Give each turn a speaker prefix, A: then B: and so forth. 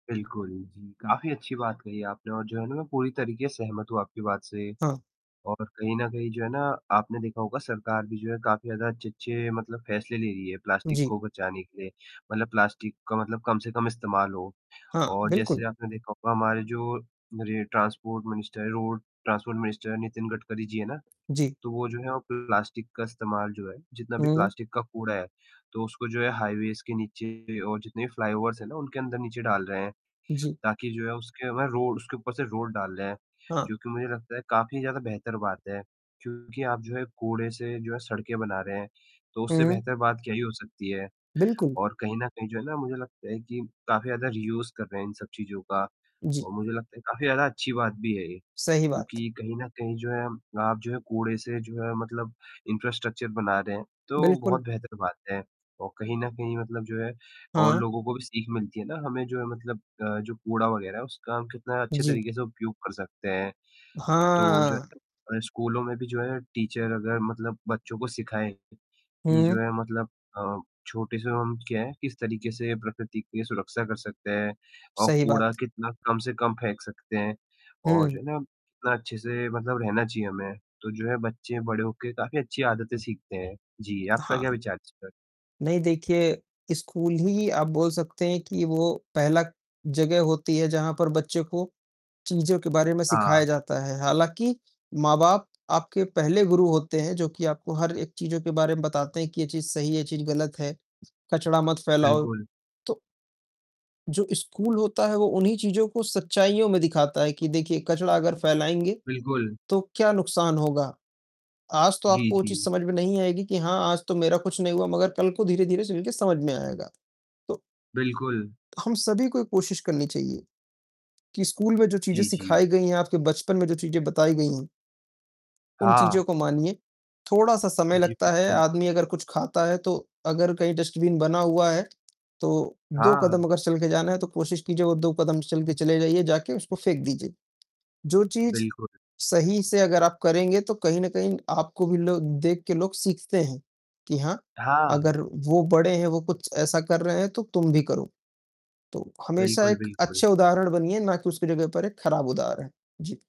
A: बिल्कुल जी, काफ़ी अच्छी बात कही आपने और जो है ना मैं पूरी तरीके से सहमत हूँ आपकी बात से।
B: हाँ।
A: और कहीं न कहीं जो है ना आपने देखा होगा सरकार भी जो है काफ़ी ज़्यादा अच्छे-अच्छे मतलब फैसले ले रही है प्लास्टिक
B: जी।
A: को बचाने के लिए, मतलब प्लास्टिक का मतलब कम से कम इस्तेमाल हो
B: हाँ,
A: और
B: बिल्कुल।
A: जैसे आपने देखा होगा, हमारे जो हमारे ट्रांसपोर्ट मिनिस्टर हैं, road transport minister Nitin Gadkari ji हैं ना,
B: जी।
A: तो वो जो हैं, प्लास्टिक का इस्तेमाल जो है जितना भी
B: हुँ।
A: प्लास्टिक का कूड़ा है, तो उसको जो है हाइवेज के नीचे और जितने भी फ्लाईओवर्स है ना, उनके अंदर-नीचे डाल रहे हैं।
B: जी।
A: ताकि जो है उसके ऊपर रोड उसके ऊपर से रोड डाल रहे हैं,
B: हाँ।
A: जो कि मुझे लगता है काफ़ी ज़्यादा बेहतर बात है क्योंकि आप जो है, कूड़े से जो है सड़कें बना रहे हैं, तो उससे
B: हुँ।
A: बेहतर बात क्या ही हो सकती है।
B: बिल्कुल।
A: और कहीं न कहीं जो है ना मुझे लगता है कि काफ़ी ज़्यादा रीयूज कर रहे हैं इन सब चीज़ों का
B: जी।
A: और मुझे लगता है काफ़ी ज़्यादा अच्छी बात भी है ये
B: सही बात।
A: क्योंकि कहीं न कहीं जो है आप जो है, कूड़े से जो है मतलब इंफ्रास्ट्रक्चर बना रहे हैं, तो
B: बिल्कुल।
A: बहुत बेहतर बात है और कहीं न कहीं मतलब जो है और
B: हाँ।
A: लोगों को भी सीख मिलती है ना, हमें जो है मतलब अ, जो कूड़ा वग़ैरह है उसका हम कितना अच्छे
B: जी।
A: तरीके से उपयोग कर सकते हैं। तो जो
B: हाँ।
A: है, स्कूलों में भी जो है टीचर अगर मतलब बच्चों को सिखाएँ कि जो
B: हुँ।
A: है मतलब अ, छोटे से हम क्या है किस तरीके से प्रकृति की सुरक्षा कर सकते हैं और
B: सही
A: कूड़ा
B: बात।
A: कितना कम से कम फेंक सकते हैं और जो
B: हुँ।
A: है ना कितना अच्छे से मतलब रहना चाहिए हमें, तो जो है बच्चे बड़े हो के काफ़ी अच्छी आदतें सीखते हैं। जी, आपका क्या
B: हाँ।
A: विचार है इस पर?
B: नहीं देखिए, स्कूल ही आप बोल सकते हैं कि वो पहला जगह होती है, जहाँ पर बच्चे को चीज़ों के बारे में
A: हाँ।
B: सिखाया जाता है। हालाँकि माँ-बाप आपके पहले गुरु होते हैं, जो कि आपको हर एक चीज़ों के बारे में बताते हैं कि ये चीज़ सही है, यह चीज़ गलत है, कचरा मत फैलाओ।
A: बिल्कुल।
B: तो जो स्कूल होता है वो उन्हीं चीज़ों को सच्चाईयों में दिखाता है कि देखिए कचरा अगर फैलाएँगे
A: बिल्कुल।
B: तो क्या नुकसान होगा। आज तो
A: जी,
B: आपको वो चीज़
A: जी।
B: समझ में नहीं आएगी कि हाँ, आज तो मेरा कुछ नहीं हुआ, मगर कल को धीरे-धीरे चलके समझ में आएगा। तो
A: बिल्कुल।
B: हम सभी को एक कोशिश करनी चाहिए कि स्कूल में जो चीज़ें
A: जी, जी।
B: सिखाई गई हैं, आपके बचपन में जो चीज़ें बताई गई हैं उन
A: हाँ।
B: चीज़ों को मानिए, थोड़ा-सा समय
A: जी,
B: लगता है,
A: बिल्कुल।
B: आदमी अगर कुछ खाता है तो अगर कहीं डस्टबिन बना हुआ है, तो 2 कदम
A: हाँ।
B: अगर चलके जाना है, तो कोशिश कि जो वो 2 कदम चलके चले जाइए, जाके उसको फेंक दीजिए। जो चीज़
A: बिल्कुल।
B: सही से अगर आप करेंगे, तो कहीं न कहीं आपको भी लो देख के लोग सीखते हैं कि हाँ,
A: हाँ।
B: अगर वो बड़े हैं, वो कुछ ऐसा कर रहे हैं, तो तुम भी करो। तो हमेशा
A: बिल्कुल,
B: एक
A: बिल्कुल।
B: अच्छे उदाहरण बनिए, ना कि उसकी जगह पर एक ख़राब उदाहरण। जी।